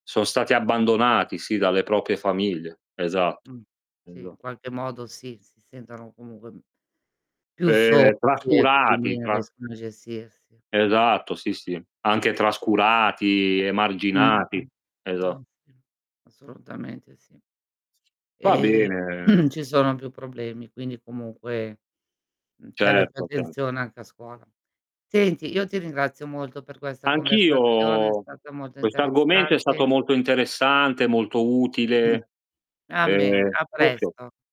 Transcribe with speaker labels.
Speaker 1: Son stati abbandonati, sì, dalle proprie famiglie, esa
Speaker 2: Mh, sì,
Speaker 1: esa
Speaker 2: in qualche modo sì, si sentono comunque più soli
Speaker 1: Ehm,
Speaker 2: e quindi
Speaker 1: trascurati,
Speaker 2: non
Speaker 1: tra
Speaker 2: riescono a gestirsi.
Speaker 1: Esatto, sì, sì, anche trascurati, emarginati.
Speaker 2: Mh-mh. Eh
Speaker 1: Esa
Speaker 2: [unintelligible] assolutamente sì.
Speaker 1: Va
Speaker 2: Ehm,
Speaker 1: bene.
Speaker 2: ci sono più problemi, quindi comunque, mhmm, serve più
Speaker 1: Certo, chia
Speaker 2: attenzione anche a scuola. Senti, io ti ringrazio molto per questa conversazione, è
Speaker 1: Anch'io.
Speaker 2: stata molto
Speaker 1: Quest'argomento è stato
Speaker 2: interessante.
Speaker 1: molto interessante, molto utile.
Speaker 2: A bene,
Speaker 1: Ehm
Speaker 2: a
Speaker 1: [unintelligible]
Speaker 2: presto.